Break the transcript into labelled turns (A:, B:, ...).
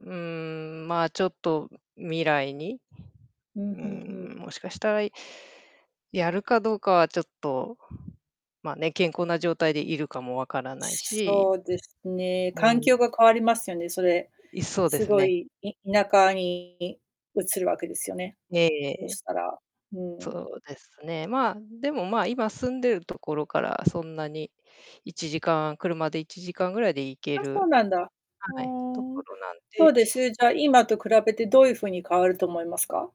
A: うん、まあ、ちょっと未来に、
B: う
A: う
B: ん、ふんふん。
A: ーん、もしかしたら、いやるかどうかはちょっと、ま、ね、健康な状態でいるかも分からないし。
B: そうですね。
A: う
B: 環境
A: ん。
B: が変わりますよね、それ。
A: い、そうで
B: す
A: す
B: ご
A: ね。
B: い田舎に移るわけですよね、
A: ええ
B: そ
A: ええ。
B: したら。うん。
A: そうですね、まあ、でもまあ、今住んでるところからそんなに1時間車で1時間ぐらいで行け
B: あ、そう
A: る
B: なんだ。ふ
A: はい、と
B: ーん。
A: ころなん
B: ど
A: で。
B: うです？じゃあ、今と比べてどういう風に変わると思いますか？